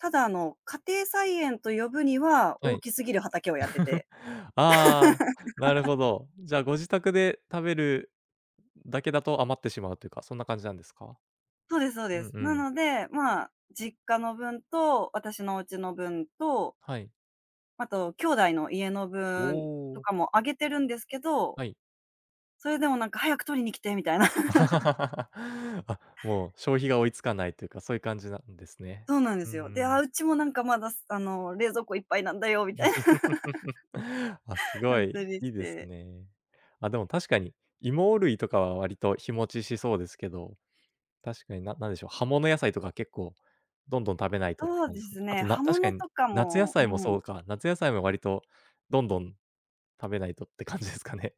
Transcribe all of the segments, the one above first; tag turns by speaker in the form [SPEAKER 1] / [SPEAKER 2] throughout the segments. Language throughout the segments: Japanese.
[SPEAKER 1] ただあの、家庭菜園と呼ぶには、
[SPEAKER 2] は
[SPEAKER 1] 大
[SPEAKER 2] い。
[SPEAKER 1] きすぎる畑をやって て。
[SPEAKER 2] ああ、なる ほど。じゃあご自宅で食べるだけだと、余ってしまうというか、そんな感じなんですか？
[SPEAKER 1] そうですそう
[SPEAKER 2] う
[SPEAKER 1] で
[SPEAKER 2] ん
[SPEAKER 1] す。
[SPEAKER 2] う
[SPEAKER 1] な
[SPEAKER 2] ん。
[SPEAKER 1] ので、まあ、実家の分と、私のお家の分と
[SPEAKER 2] はい。
[SPEAKER 1] あと兄弟の家の
[SPEAKER 2] お
[SPEAKER 1] 分、と
[SPEAKER 2] お。
[SPEAKER 1] かもあげているんですけど。
[SPEAKER 2] はい。
[SPEAKER 1] それでもなんか「早く取りに来て」みたいな。
[SPEAKER 2] あ、もう消費が追いつかないというか、そういう感じなんですね。
[SPEAKER 1] そうなんで
[SPEAKER 2] うんう
[SPEAKER 1] すよ。で、「あ、
[SPEAKER 2] ん。
[SPEAKER 1] うちもなんか、まだ、す、あの冷蔵庫いっぱいなんだよ」みたい
[SPEAKER 2] あ、す
[SPEAKER 1] な。ほ
[SPEAKER 2] ご
[SPEAKER 1] んと
[SPEAKER 2] い、
[SPEAKER 1] にし
[SPEAKER 2] いいです
[SPEAKER 1] て。
[SPEAKER 2] ね。あ、でも確かに。芋類とかは割と日持ちしそうですけど。確かに、ななんでしょう、葉物野菜とか結構、どんどん食べないとって
[SPEAKER 1] そう
[SPEAKER 2] 感
[SPEAKER 1] で
[SPEAKER 2] じですね。
[SPEAKER 1] す
[SPEAKER 2] あ
[SPEAKER 1] ね、
[SPEAKER 2] と、な
[SPEAKER 1] 葉
[SPEAKER 2] 確か
[SPEAKER 1] 物
[SPEAKER 2] に、
[SPEAKER 1] とか
[SPEAKER 2] 夏野
[SPEAKER 1] も、う
[SPEAKER 2] 菜もそ
[SPEAKER 1] ん。
[SPEAKER 2] うか、夏野菜も割と、どんどん食べないとって感じですかね。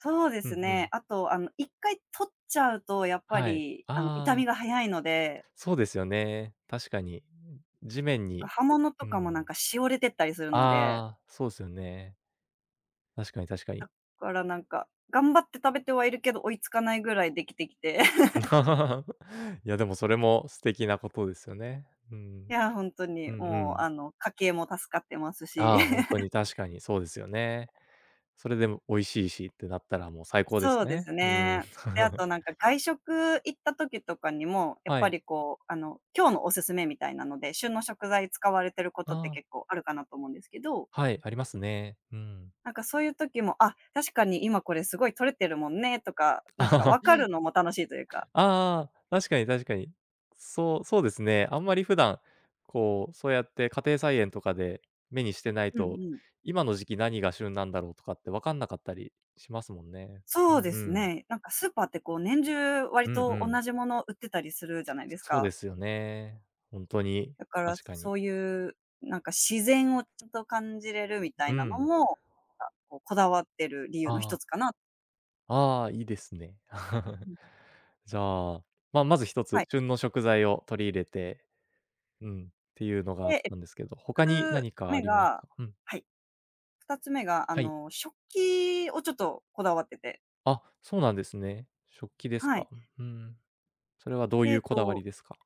[SPEAKER 1] そうで
[SPEAKER 2] う
[SPEAKER 1] す
[SPEAKER 2] んう
[SPEAKER 1] ね。
[SPEAKER 2] ん。
[SPEAKER 1] あと、あの1回取っちゃうと、やっぱ
[SPEAKER 2] はい。
[SPEAKER 1] りあの傷
[SPEAKER 2] ああ。
[SPEAKER 1] みが早いので。
[SPEAKER 2] そうですよね、確かに。地面
[SPEAKER 1] んか、
[SPEAKER 2] に、
[SPEAKER 1] 葉物と
[SPEAKER 2] うう
[SPEAKER 1] かも、なん
[SPEAKER 2] ん。
[SPEAKER 1] か萎れてったりするので。
[SPEAKER 2] ああ、そうですよね。確かに確か
[SPEAKER 1] だ
[SPEAKER 2] に。
[SPEAKER 1] からなんか、頑張って食べてはいるけど、追いつかないぐらいできてきて。
[SPEAKER 2] う。いや、でもそれも、素敵なことですよね。うん。
[SPEAKER 1] いやほんとに。
[SPEAKER 2] うんう
[SPEAKER 1] もう
[SPEAKER 2] ん。
[SPEAKER 1] あの、家計も助かってますし。
[SPEAKER 2] ああ、ほんと に。確かに、そうですよね。それで、も美味しいしってなったら、もう最高です
[SPEAKER 1] そうで
[SPEAKER 2] ね。
[SPEAKER 1] す
[SPEAKER 2] うん。
[SPEAKER 1] ね。で、あ となんか、外食行った時とかにも、やっ
[SPEAKER 2] は
[SPEAKER 1] ぱ
[SPEAKER 2] い。
[SPEAKER 1] りこうあの、今日のおすすめみたいなので、旬の食材使われていることっ
[SPEAKER 2] あ
[SPEAKER 1] て、
[SPEAKER 2] あ。
[SPEAKER 1] 結構あるかなと思うんですけど
[SPEAKER 2] はい、ありますね。うん。
[SPEAKER 1] なんかそういう時も、あっ、確かに今これ、すごい採れてるもんねとか、なんか
[SPEAKER 2] あ
[SPEAKER 1] 分かるのも、楽しいというか。
[SPEAKER 2] あ、確かに確かに。そうそうですね。あんまり普段こう、そうやって家庭菜園とかで、目にしてない
[SPEAKER 1] うんう
[SPEAKER 2] と、
[SPEAKER 1] ん。
[SPEAKER 2] 今の時期、何が旬なんだろうとかって、わかんなかったりしますもんね。
[SPEAKER 1] そうで
[SPEAKER 2] う
[SPEAKER 1] す
[SPEAKER 2] ん。
[SPEAKER 1] ね、なんかスーパーってこう、年中
[SPEAKER 2] う
[SPEAKER 1] 割
[SPEAKER 2] んう
[SPEAKER 1] と
[SPEAKER 2] ん。
[SPEAKER 1] 同じもの、売ってたりするじゃないです
[SPEAKER 2] そうで
[SPEAKER 1] か。
[SPEAKER 2] すよね。ほんとに。
[SPEAKER 1] だから
[SPEAKER 2] 確かに。
[SPEAKER 1] そういうなんか、自然をちゃんと感じれるみた
[SPEAKER 2] う
[SPEAKER 1] いなの
[SPEAKER 2] ん。
[SPEAKER 1] も、か、こう、こだわっている理由のひ
[SPEAKER 2] あ
[SPEAKER 1] と
[SPEAKER 2] あ。
[SPEAKER 1] つかな。
[SPEAKER 2] ああ、いいですね。
[SPEAKER 1] うん。
[SPEAKER 2] じゃあ、ままずひと
[SPEAKER 1] は
[SPEAKER 2] つ、
[SPEAKER 1] い。
[SPEAKER 2] 旬の食材を取り入れて、うん、っていうのがあ
[SPEAKER 1] え
[SPEAKER 2] っ
[SPEAKER 1] え。
[SPEAKER 2] たんですけど、他に何
[SPEAKER 1] つ
[SPEAKER 2] かあ
[SPEAKER 1] 目
[SPEAKER 2] ります
[SPEAKER 1] が、
[SPEAKER 2] か？うん。
[SPEAKER 1] はい。2つ目が、あ
[SPEAKER 2] はい。
[SPEAKER 1] の食器を、ちょっとこだわってて。
[SPEAKER 2] あ、そうなんですね。食器です
[SPEAKER 1] はい。
[SPEAKER 2] か。ふーん、それはどう
[SPEAKER 1] で、え
[SPEAKER 2] い
[SPEAKER 1] え
[SPEAKER 2] うこだわ
[SPEAKER 1] と。
[SPEAKER 2] りですか？